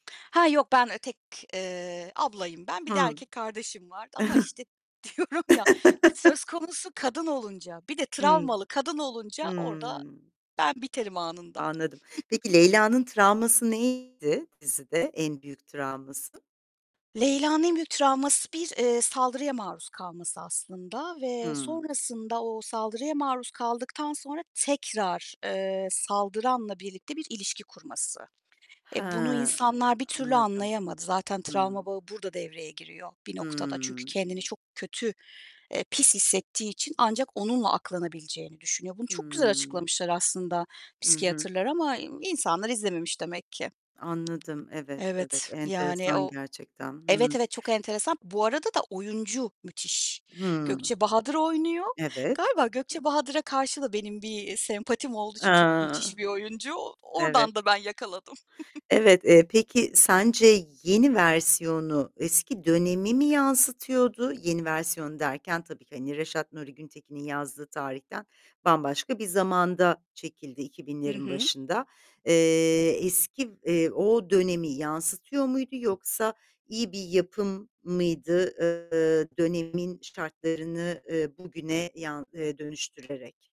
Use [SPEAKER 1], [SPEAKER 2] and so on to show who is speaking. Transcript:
[SPEAKER 1] Ha, yok, ben, eee, tek, eee, ablayım ben, bir de
[SPEAKER 2] Hı.
[SPEAKER 1] erkek kardeşim var ama işte diyorum ya, söz konusu kadın olunca, bir de
[SPEAKER 2] Hımm.
[SPEAKER 1] travmalı kadın olunca orada
[SPEAKER 2] Hımm.
[SPEAKER 1] ben biterim anında.
[SPEAKER 2] Anladım. Peki Leyla'nın travması neydi dizide, en büyük travması?
[SPEAKER 1] Leyla'nın en büyük travması bir, eee, saldırıya maruz kalması aslında ve
[SPEAKER 2] Hımm.
[SPEAKER 1] sonrasında, o saldırıya maruz kaldıktan sonra tekrar, eee, saldıranla birlikte bir ilişki kurması.
[SPEAKER 2] He,
[SPEAKER 1] E, bunu
[SPEAKER 2] e
[SPEAKER 1] insanlar bir türlü
[SPEAKER 2] anladım.
[SPEAKER 1] anlayamadı. Zaten travma
[SPEAKER 2] Hımm.
[SPEAKER 1] bağı burada devreye giriyor bir noktada. Çünkü
[SPEAKER 2] Hıı.
[SPEAKER 1] kendini çok kötü, eee, pis hissettiği için ancak onunla aklanabileceğini düşünüyor. Bunu çok güzel
[SPEAKER 2] Hıı.
[SPEAKER 1] açıklamışlar aslında
[SPEAKER 2] Hı hı.
[SPEAKER 1] psikiyatrlar ama insanlar izlememiş demek ki.
[SPEAKER 2] Anladım. Evet, evet,
[SPEAKER 1] Evet, yani,
[SPEAKER 2] enteresan
[SPEAKER 1] o
[SPEAKER 2] gerçekten.
[SPEAKER 1] evet,
[SPEAKER 2] Hıı.
[SPEAKER 1] evet çok enteresan. Bu arada da oyuncu müthiş.
[SPEAKER 2] Hımm.
[SPEAKER 1] Gökçe Bahadır oynuyor.
[SPEAKER 2] Evet.
[SPEAKER 1] Galiba Gökçe Bahadır'a karşı da benim bir sempatim olduğu için çok
[SPEAKER 2] A,
[SPEAKER 1] müthiş bir oyuncu,
[SPEAKER 2] Evet.
[SPEAKER 1] oradan da ben yakaladım.
[SPEAKER 2] Evet, eee, peki sence yeni versiyonu, eski dönemi mi yansıtıyordu? Yeni versiyon derken tabii ki, hani Reşat Nuri Güntekin'in yazdığı tarihten bambaşka bir zamanda çekildi. iki
[SPEAKER 1] Hı
[SPEAKER 2] binlerin
[SPEAKER 1] hı.
[SPEAKER 2] başında. Eee, eski, eee, o dönemi yansıtıyor muydu, yoksa iyi bir yapım mıydı, eee, dönemin şartlarını, eee, bugüne yan eee, dönüştürerek?